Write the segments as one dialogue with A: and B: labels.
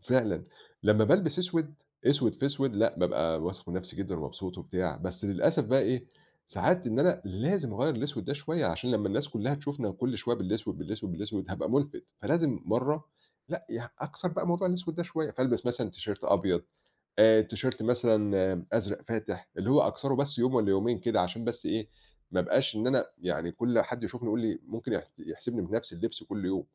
A: فعلًا. لمّا بالبس أسود، أسود في أسود لأ، بابقى واثق من نفسي جدًا ومبسوط وبتاع، بس للأسف بقي إيه، ساعات إن أنا لازم أغيّر الأسود ده شوية عشان لمّا الناس كلها تشوفنا كل شوية بالأسود، بالأسود، بالأسود، هابقى ملفت. فلازم مرة لأ، يع أكسر بقى موضوع الأسود ده شوية، فألبس مثلًا تيشيرت أبيض، آآ، تيشيرت مثلًا أزرق فاتح اللي هو أكسره بس يوم والّا يومين كده عشان بس إيه، ما أبقاش إن أنا يعني كل حد يشوفني يقول لي ممكن يح يحسبني بنفس اللبس كل يوم.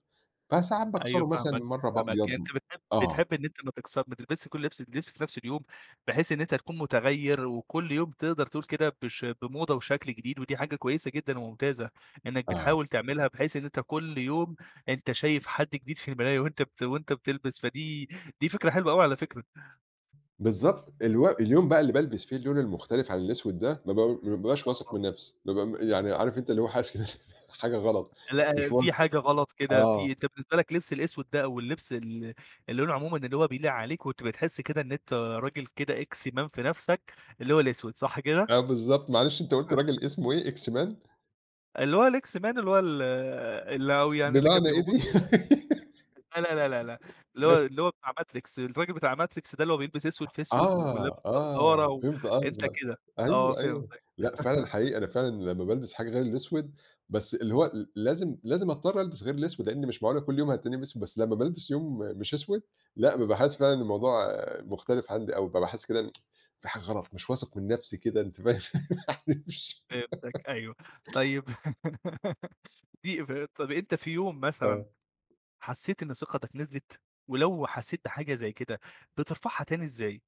A: فساعات
B: أيوه،
A: باكسره مثلًا
B: فاهمك،
A: مرة
B: فاهمك.
A: بأبيض
B: أنت
A: م
B: بتحب
A: آه.
B: بتحب إن أنت ما تكس ما تلبسش كل اللبس اللبس في نفس اليوم بحيث إن أنت تكون متغير وكل يوم بتقدر تقول كده بش بموضة وشكل جديد ودي حاجة كويسة جدًا وممتازة إنك
A: آه.
B: بتحاول تعملها بحيث إن أنت كل يوم، أنت شايف حد جديد في المراية وأنت بت وأنت بتلبس. فدي دي فكرة حلوة أوي على فكرة.
A: بالضبط الو اليوم بقى اللي بالبس فيه اللون المختلف عن الأسود ده، ما ب ما بابقاش واثق
B: آه.
A: من نفس. بابقى م يعني عارف أنت اللي هو حاسس كده في حاجة، غلط
B: لأ،
A: مش
B: في
A: واثق.
B: حاجة غلط كده
A: آه.
B: في أنت بالنسبة لك لبس الأسود ده أو اللبس ال اللي لونه عمومًا اللي هو بيليق عليك، وبتبقى بتحس كده إن أنت راجل كده إكس مان في نفسك، اللي هو الأسود. صح كده؟
A: آه، بالضبط، معلش أنت قلت راجل اسمه إيه، إكس مان؟
B: اللي هو الإكس مان، اللي هو ال ال ه يعني اللي كان
A: بمعنى
B: بيبقى
A: إيه
B: موجود
A: دي؟
B: لا لا لا لا لأ، اللي هو
A: أي
B: اللي هو بتاع ماتريكس. ال فاكر بتاع ماتريكس ده اللي هو بيلبس أسود في أسود ولابس
A: آه،
B: نضارة
A: آه،
B: و
A: فهمت
B: أنت
A: قصدك.
B: كده. آه
A: أيوه، أيوه،
B: فهمتك.
A: لأ فعلًا حقيقي، أنا فعلًا لمّا بالبس حاجة غير الأسود، بس اللي هو ل لازم لازم أضطر ألبس غير الأسود، لأني مش معقولة كل يوم هتلاقيني بأسود. بس لمّا بالبس يوم مش أسود لأ، بابقى حاسس فعلًا إن الموضوع مختلف عندي أو بابقى حاسس كده إن في حاجة غلط، مش واثق من نفسي كده، أنت فاهم، يعني مش
B: فهمتك أيوه. طيب. دي ف طب، أنت في يوم مثلًا
A: آه.
B: حسيت إن ثقتك نزلت؟ ولو حسيت بحاجة زي كده، بترفعها تاني إزاي؟